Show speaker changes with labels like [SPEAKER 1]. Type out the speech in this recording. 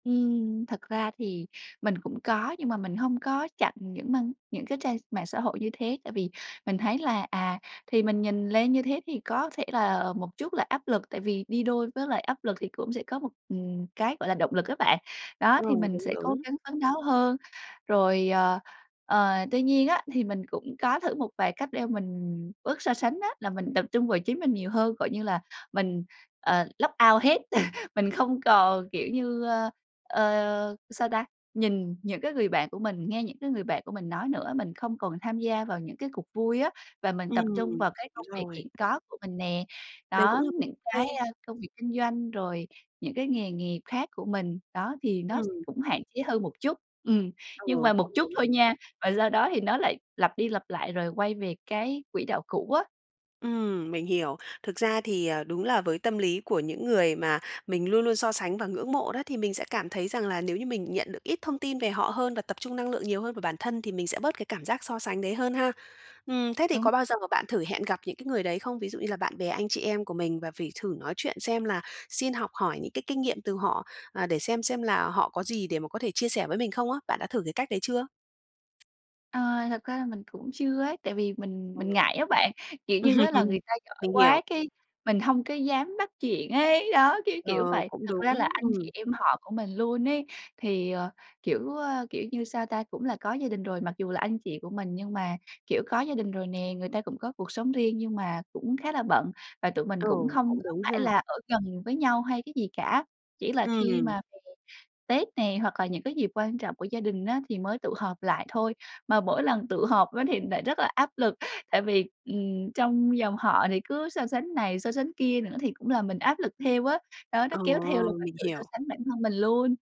[SPEAKER 1] Ừm, thật ra thì mình cũng có, nhưng mà mình hông có chặn những mang những cái trang mạng xã hội như thế, tại vì mình thấy là, à, thì mình nhìn lên như thế, thì có thể là, ờ, một chút là áp lực, tại vì đi đôi với lại áp lực thì cũng sẽ có một, ừm, cái, gọi là, động lực á bạn, đó,
[SPEAKER 2] Ờ,
[SPEAKER 1] thì mình
[SPEAKER 2] đúng,
[SPEAKER 1] sẽ cố
[SPEAKER 2] đúng.
[SPEAKER 1] gắng phấn đấu hơn. Rồi, ờ, ờ, tuy nhiên á, thì mình cũng có thử một vài cách đeo mình bớt so sánh á, là mình tập trung vào chính mình nhiều hơn, gọi như là mình, ờ, log out hết, mình không còn, kiểu như, ơ, ờ, sao ta, nhìn những cái người bạn của mình, nghe những cái người bạn của mình nói nữa. Mình không còn tham gia vào những cái cuộc vui á, và mình tập
[SPEAKER 2] Ừm,
[SPEAKER 1] trung vào cái
[SPEAKER 2] đúng
[SPEAKER 1] công việc
[SPEAKER 2] rồi.
[SPEAKER 1] hiện có của mình nè.
[SPEAKER 2] Đấy cũng
[SPEAKER 1] Đó,
[SPEAKER 2] là [unintelligible]
[SPEAKER 1] những cái,
[SPEAKER 2] hay.
[SPEAKER 1] a, công việc kinh doanh, rồi những cái nghề nghiệp khác của mình, đó, thì nó s
[SPEAKER 2] Ừm.
[SPEAKER 1] cũng hạn chế hơn một chút, ừm, nhưng
[SPEAKER 2] Ừ,
[SPEAKER 1] mà một
[SPEAKER 2] cũng
[SPEAKER 1] chút
[SPEAKER 2] đúng.
[SPEAKER 1] thôi nha, và do đó thì nó lại lặp đi lặp lại, rồi quay về cái quỹ đạo cũ á.
[SPEAKER 2] Ừm, mình hiểu. Thực ra thì ờ, đúng là với tâm lý của những người mà mình luôn luôn so sánh và ngưỡng mộ đó, thì mình sẽ cảm thấy rằng là nếu như mình nhận được ít thông tin về họ hơn, và tập trung năng lượng nhiều hơn vào bản thân, thì mình sẽ bớt cái cảm giác so sánh đấy hơn ha. Ừm, thế thì
[SPEAKER 1] Đúng
[SPEAKER 2] có bao giờ mà
[SPEAKER 1] [unintelligible]
[SPEAKER 2] bạn thử hẹn gặp những cái người đấy không? Ví dụ như là bạn bè, anh chị em của mình, và phỉ thử nói chuyện xem là xin học hỏi những cái kinh nghiệm từ họ, à, để xem xem là họ có gì để mà có thể chia sẻ với mình không á. Bạn đã thử cái cách đấy chưa?
[SPEAKER 1] À, thật ra là mình cũng chưa ấy, tại vì mình
[SPEAKER 2] Ừ.
[SPEAKER 1] mình ngại á bạn, kiểu như á, là
[SPEAKER 2] Ừm,
[SPEAKER 1] người ta giỏi
[SPEAKER 2] mình hiểu.
[SPEAKER 1] quá, cái mình hông có dám bắt chuyện ấy, đó, kiểu,
[SPEAKER 2] Ờ,
[SPEAKER 1] kiểu vậy.
[SPEAKER 2] cũng
[SPEAKER 1] Thật
[SPEAKER 2] đúng,
[SPEAKER 1] ra là anh chị
[SPEAKER 2] ừm.
[SPEAKER 1] em họ của mình luôn ấy, thì, ờ, kiểu, ơ, kiểu như, sao ta, cũng là có gia đình rồi, mặc dù là anh chị của mình, nhưng mà, kiểu, có gia đình rồi nè, người ta cũng có cuộc sống riêng, nhưng mà cũng khá là bận, và tụi mình
[SPEAKER 2] Ừ,
[SPEAKER 1] cũng hông
[SPEAKER 2] cũng
[SPEAKER 1] có
[SPEAKER 2] đúng
[SPEAKER 1] phải
[SPEAKER 2] ha.
[SPEAKER 1] là ở gần với nhau hay cái gì cả. Chỉ là khi
[SPEAKER 2] Ừm.
[SPEAKER 1] mà về Tết nè, hoặc là những cái dịp quan trọng của gia đình á, thì mới tụ họp lại thôi. Mà mỗi lần tụ họp á, thì lại rất là áp lực, tại vì, ừm, trong dòng họ thì cứ so sánh này, so sánh kia nữa, thì cũng làm mình áp lực theo á, đó, nó
[SPEAKER 2] Ờ,
[SPEAKER 1] kéo theo là mình
[SPEAKER 2] mình
[SPEAKER 1] tự so
[SPEAKER 2] hiểu.
[SPEAKER 1] sánh bản thân mình luôn.